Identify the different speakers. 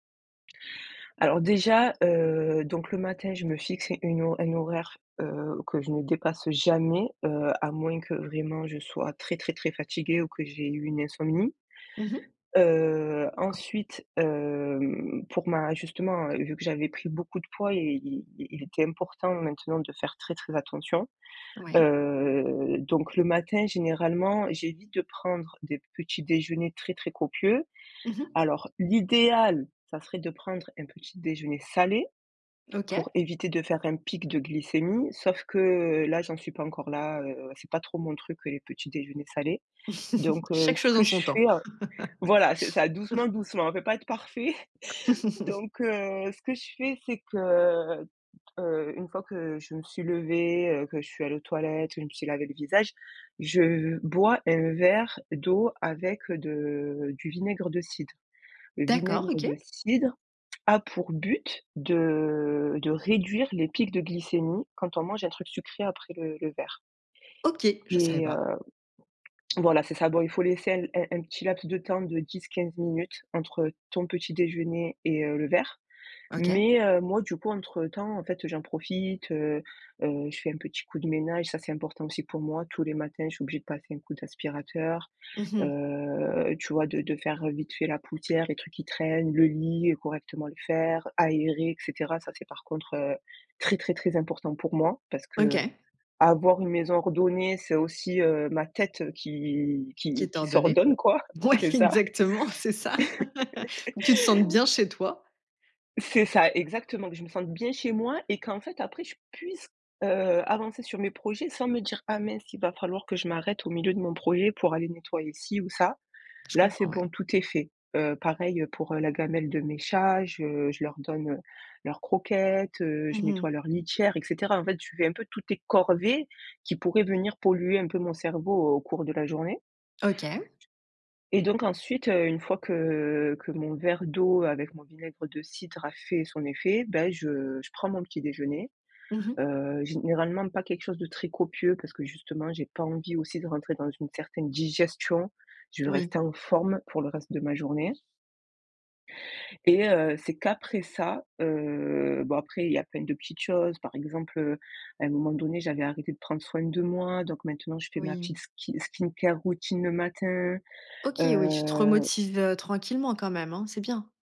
Speaker 1: Alors déjà, heu, donc le matin je me fixe une ho une horaire, heu, que je ne dépasse jamais, heu, à moins que vraiment je sois très, très, très fatiguée ou que j'ai eu une insomnie.
Speaker 2: Mmh mh.
Speaker 1: Heu, ensuite, hem, pour ma justement, heu, vu que j'avais pris beaucoup de poids et il il était important maintenant de faire très, très attention.
Speaker 2: Ouais.
Speaker 1: Heu, donc le matin généralement, j'évite de prendre des petits déjeuners très, très copieux.
Speaker 2: Mmh mh.
Speaker 1: Alors l'idéal, ça serait de prendre un petit déjeuner salé pour
Speaker 2: OK.
Speaker 1: éviter de faire un pic de glycémie, sauf que là j'en suis pas encore là, heu, c'est pas trop mon truc, heu, les petits déjeuners salés. Donc, heu,
Speaker 2: Chaque
Speaker 1: ce
Speaker 2: chose
Speaker 1: que
Speaker 2: en
Speaker 1: je
Speaker 2: son temps.
Speaker 1: fais, heu voilà c'est ça doucement, doucement, on peut pas être parfait. Donc, heu, ce que je fais, c'est que, heu, d heu, une fois que je me suis levée, heu, que je suis allée aux toilettes, je me suis lavé le visage, je bois un verre d'eau avec de du vinaigre de cidre. Le
Speaker 2: D'accord,
Speaker 1: vinaigre
Speaker 2: OK.
Speaker 1: de cidre a pour but de de réduire les pics de glycémie quand on mange un truc sucré après le le verre.
Speaker 2: OK, je savais
Speaker 1: Et heu
Speaker 2: pas.
Speaker 1: voilà, c'est ça. Bon, il faut laisser un l un un petit laps de temps de 10-15 minutes entre ton petit déjeuner et heu, le verre.
Speaker 2: OK.
Speaker 1: Mais, heu, moi, du coup, entre temps, en fait, heu, j'en profite, heu heu, je fais un petit coup de ménage, ça c'est important aussi pour moi. Tous les matins je suis obligée de passer un coup d'aspirateur,
Speaker 2: Mmh mh.
Speaker 1: heu, tu vois de de faire, heu, vite fait la poussière, les trucs qui traînent, le lit et correctement le faire, aérer et cetera. Ça c'est par contre, heu, très, très, très important pour moi parce
Speaker 2: OK.
Speaker 1: qu'avoir une maison ordonnée, c'est aussi, heu, ma tête, heu, qui
Speaker 2: Qui
Speaker 1: qui
Speaker 2: est
Speaker 1: qui
Speaker 2: ordonnée.
Speaker 1: s'ordonne quoi,
Speaker 2: Ouais
Speaker 1: c'est ça.
Speaker 2: exactement, c'est ça. Que tu te sentes bien chez toi.
Speaker 1: C'est ça exactement, que je me sente bien chez moi et qu'en fait après je puisse, heu, avancer sur mes projets sans me dire: «Ah mince, il va falloir que je m'arrête au milieu de mon projet pour aller nettoyer ci ou ça».
Speaker 2: Je
Speaker 1: Là c'est
Speaker 2: comprends, ouais.
Speaker 1: bon, tout est fait. Heu, pareil, heu, pour, heu, la gamelle de mes chats, je je leur donne, heu, leurs croquettes, heu, je
Speaker 2: Mmh mh.
Speaker 1: nettoie leurs litières et cetera. En fait, tu fais un peu toutes tes corvées qui pourraient venir polluer un peu mon cerveau au cours de la journée.
Speaker 2: OK.
Speaker 1: Et donc ensuite, heu, une fois que que mon verre d'eau avec mon vinaigre de cidre a fait son effet, beh, je je prends mon petit déjeuner.
Speaker 2: Mmh mh.
Speaker 1: Heu, généralement, pas quelque chose de très copieux parce que justement, j'ai pas envie aussi de rentrer dans une certaine digestion. Je veux
Speaker 2: Oui.
Speaker 1: rester en forme pour le reste de ma journée. Et heu, c'est qu'après ça, heu, bon, après, il y a plein de petites choses. Par exemple, heu, à un moment donné, j'avais arrêté de prendre soin de moi, donc maintenant, je fais ma
Speaker 2: Oui.
Speaker 1: petite ski skincare routine le matin,
Speaker 2: OK, oui, tu te
Speaker 1: heu
Speaker 2: remotives, heu, tranquillement quand même, hein, c'est bien!